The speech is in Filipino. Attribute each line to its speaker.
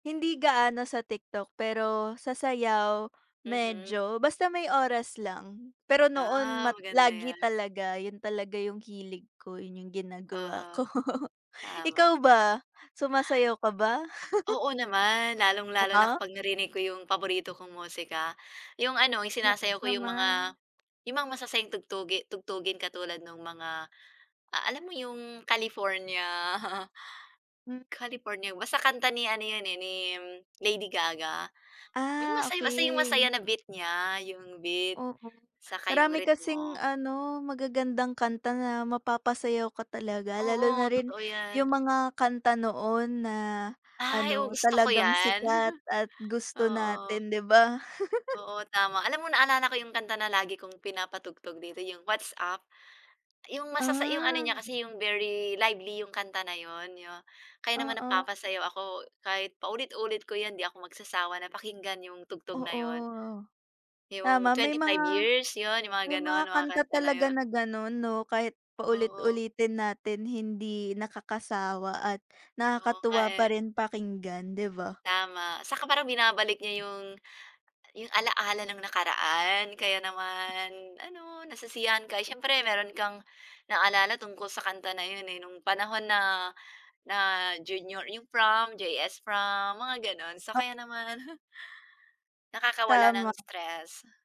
Speaker 1: Hindi gaano sa TikTok pero sa sayaw
Speaker 2: Mhm.
Speaker 1: medyo, basta may oras lang. Pero noon
Speaker 2: Ah,
Speaker 1: ma
Speaker 2: maganda
Speaker 1: lagi
Speaker 2: yan.
Speaker 1: talaga yun talaga yung hilig ko, yun yung ginagawa
Speaker 2: Oo,
Speaker 1: ko.
Speaker 2: tama.
Speaker 1: Ikaw ba sumasayaw ka ba?
Speaker 2: Oo naman, lalong
Speaker 1: Oh,
Speaker 2: lalo na
Speaker 1: ha?
Speaker 2: kapag narinig ko yung paborito kong musika, yung ano yung sinasayaw
Speaker 1: Naks
Speaker 2: ko yung
Speaker 1: naman.
Speaker 2: mga, yung mga masasayang tugtugi tugtugin katulad nung mga alam mo yung California,
Speaker 1: Hmm.
Speaker 2: California basta kanta ni ano yun, eh, ni Lady Gaga yung
Speaker 1: Ah,
Speaker 2: masayang masaya
Speaker 1: okey.
Speaker 2: na beat niya yung beat
Speaker 1: Oo,
Speaker 2: 'saka yung
Speaker 1: marami kasing
Speaker 2: ritmo.
Speaker 1: ano magagandang kanta na mapapasayaw ka talaga lalo na
Speaker 2: Oo,
Speaker 1: rin
Speaker 2: totoo
Speaker 1: yung
Speaker 2: yan.
Speaker 1: mga kanta noon na
Speaker 2: Ay, 'o
Speaker 1: ano
Speaker 2: gusto ko
Speaker 1: talagang
Speaker 2: 'yan.
Speaker 1: sikat at gusto
Speaker 2: Oo.
Speaker 1: natin 'di ba?
Speaker 2: Oo, tama alam mo naalala ko 'yong kanta na lagi kong pinapatugtog dito 'yong What's Up 'yong masasa 'yong ano niya
Speaker 1: Ah.
Speaker 2: kasi 'yong very lively 'yong kanta na 'yon yo kaya naman
Speaker 1: Oo.
Speaker 2: napapasayaw ako kahit paulit-ulit ko 'yan 'di ako magsasawa na pakinggan 'yong tugtog na
Speaker 1: Oo,
Speaker 2: 'yon. Yung
Speaker 1: tama may
Speaker 2: 25
Speaker 1: mga,
Speaker 2: years 'yon, yung
Speaker 1: may
Speaker 2: mga
Speaker 1: mga
Speaker 2: gano'n mga
Speaker 1: kanta
Speaker 2: kanta na
Speaker 1: talaga
Speaker 2: yun.
Speaker 1: na gano'n 'no, kahit
Speaker 2: Oo.
Speaker 1: paulit-ulitin natin hindi nakakasawa at
Speaker 2: Oo nga,
Speaker 1: nakakatuwa pa
Speaker 2: eh.
Speaker 1: rin pakinggan 'di ba?
Speaker 2: Tama 'saka parang binabalik niya 'yong 'yong alaala ng nakaraan. Kaya naman ano nasisiyahan ka, eh, siyempre mayro'n kang naalala tungkol sa kanta na yun, eh, nung panahon na, na junior 'yong prom, JS Prom mga gano'n so
Speaker 1: O
Speaker 2: kaya naman, nakakawala ng
Speaker 1: Tama.
Speaker 2: stress.